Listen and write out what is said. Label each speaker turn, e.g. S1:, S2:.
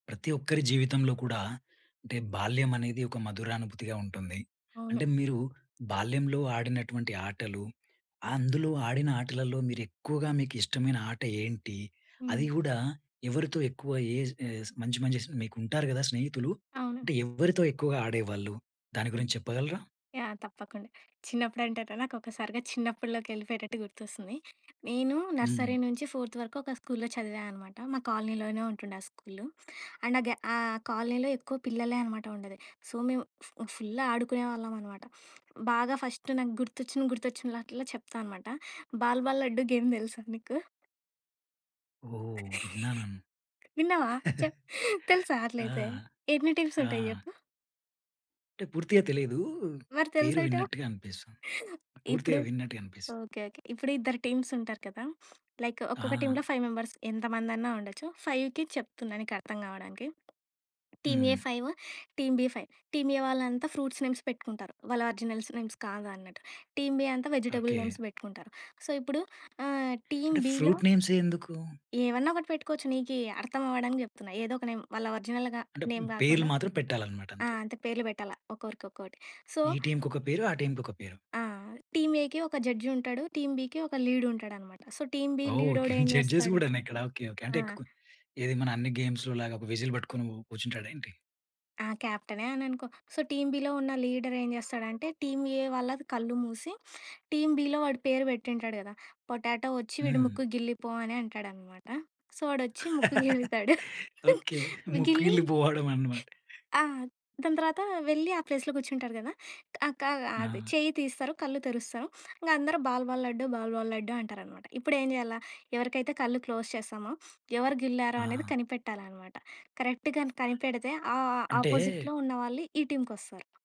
S1: ప్రతి ఒక్కరి జీవితంలో కూడా అంటే బాల్యం అనేది ఒక మధురానుభూతిగా ఉంటుంది.
S2: అవును.
S1: అంటే మీరు బాల్యంలో ఆడినటువంటి ఆటలు, అందులో ఆడిన ఆటలలో మీరు ఎక్కువగా మీకిష్టమైన ఆట ఏంటి?
S2: హ్మ్.
S1: అది కూడా ఎవరితో ఎక్కువ ఏజ్ ఏస్ మంచి మంచి స్నే మీకు ఉంటారు కదా! స్నేహితులు
S2: అవును.
S1: అంటే ఎవరితో ఎక్కువగా ఆడేవాళ్ళు? దాని
S2: హ్మ్.
S1: గురించి చెప్పగలరా?
S2: యాహ్! తప్పకుండ. చిన్నప్పుడంటే‌టే నాకు ఒకసారిగా చిన్నప్పటిలోకి వెళ్ళిపోయేటట్టు గుర్తొస్తుంది. నేను
S1: హ్మ్.
S2: నర్సరీ నుంచి ఫోర్త్ వరకు ఒక స్కూల్లో చదివా అనమాట. మా కాలనీలోనే ఉంటుండే ఆ స్కూలు. అండ్ ఆ గే ఆ కాలనీలో ఎక్కువ పిల్లలే అనమాట ఉండేది. సో మేము ఫూ ఫుల్ ఆడుకునేవాళ్ళం అనమాట. బాగా ఫస్ట్ నాకు గుర్తొచ్చిన గుర్తొచ్చినలటిలో చెప్తా అనమాట. బాల్ బాల్ లడ్డు గేమ్ తెలుసా నీకు?
S1: ఓహ్! విన్నా‌నన్
S2: విన్నావా చెప్పు తెలుసా
S1: ఆ!
S2: అట్లైతే? ఎన్ని టీమ్స్
S1: ఆ!
S2: ఉంటాయి చెప్పు?
S1: అంటే పూర్తిగా తెలీదు.
S2: మరి
S1: పేరు
S2: తెలుసాటవు?
S1: విన్నట్టుగా అనిపిస్తుంది.
S2: ఇప్పుడు
S1: పూర్తిగా విన్నట్టుగా అనిపిస్తుంది.
S2: ఓకే. ఓకే. ఇప్పుడు ఇద్దరు టీమ్స్ ఉంటారు కదా! లైకు ఒక్కొక్క
S1: ఆ!
S2: టీమ్‌లో ఫైవ్ మెంబర్స్ ఎంతమందన్నా ఉండొచ్చు. ఫైవ్‌కి చెప్తున్నా నీకు అర్థం కావడానికి. Team A
S1: hmm.
S2: Five team B five. Team A వాళ్ళంతా ఫ్రూట్స్ నేమ్స్ పెట్టుకుంటారు వాళ్ళ ఒరిజినల్స్ నేమ్స్ కాదు అన్నట్టు. టీమ్ బి అంతా వెజిటబుల్
S1: ఓకే.
S2: నేమ్స్ పెట్టుకుంటారు. సో ఇప్పుడు ఆహ్, టీమ్
S1: అంటే
S2: బిలో
S1: ఫ్రూట్ నే‌మ్సే ఎందుకు?
S2: ఏమన్నా ఒకటి పెట్టుకోవచ్చు. నీ‌కి అర్థం అవ్వడానికి చెప్తున్నా ఏదో ఒక నేమ్ వాళ్ళ ఒరిజినల్‌గా
S1: అంటే పే
S2: నేమ్
S1: పేర్లు
S2: కాకుండా
S1: మాత్రం పెట్టాలన్నమాట
S2: ఆ!
S1: అంతే.
S2: అంతే పేర్లు పెట్టాలా ఒక్కోరి ఒక్కోటి సో
S1: ఈ టీమ్‌కి ఒక పేరు. ఆ టీమ్‌కి ఒక పేరు.
S2: ఆ! టీమ్ ఏకి ఒక జడ్జ్ ఉంటాడు. టీమ్ బికి ఒక లీడ్ ఉంటాడన్నమాట. సో టీమ్ బి
S1: ఓహ్‌!
S2: లి‌డో‌డేం
S1: జడ్జెస్
S2: చేస్తాడు?
S1: కూడా‌నా ఇక్కడ ఓకే ఓకే. అంటే‌
S2: ఆ!
S1: ఏక్ ఏది మన అన్ని గేమ్స్‌లో లాగా ఒక విజిల్ పట్టుకొని కూర్చుంటాడా ఏంటి?
S2: ఆ! క్యాప్టె‌నే అని అనుకో. సొ టీమ్ బిలో ఉన్న లీడర్ ఏం చేస్తాడంటే టీమ్ ఏ వాళ్ళ‌ది కళ్ళు మూసి టీమ్ బిలో వాడి పేరు పెటుంటాడు కదా! పోటాటో వచ్చి వీడు
S1: హ్మ్.
S2: ముక్కు గిల్లిపో అని అంటాడన్నమాట. సో వాడు వచ్చి ముక్కు గిల్లుతాడు.
S1: ఓకే. ముక్కు
S2: గిల్లి
S1: గిల్లి పోవడం అన్నమాట.
S2: ఆ! దాని తర్వాత వెళ్ళి ఆ ప్లేస్‌లో కూర్చుంటారు కదా! అక అది
S1: ఆ!
S2: చెయ్యి తీస్తారు కళ్ళు తెరుస్తారు ఇంకా అందరూ ball ball laddu ball ball laddu అంటారనమాట. ఇప్పుడు ఏం చేయాలా? ఎవరికైతే కళ్ళు క్లోజ్ చేస్తామో ఎవరు గిల్లారో అనేది
S1: ఆ!
S2: కనిపెట్టాలనమాట. కరెక్ట్‌గా‌న్ని కనిపెడితే ఆ‌ ఆ‌ ఆ
S1: అంటే
S2: అపోజిట్లో ఉన్న వాళ్ళు ఈ టీమ్‌కొస్తారు.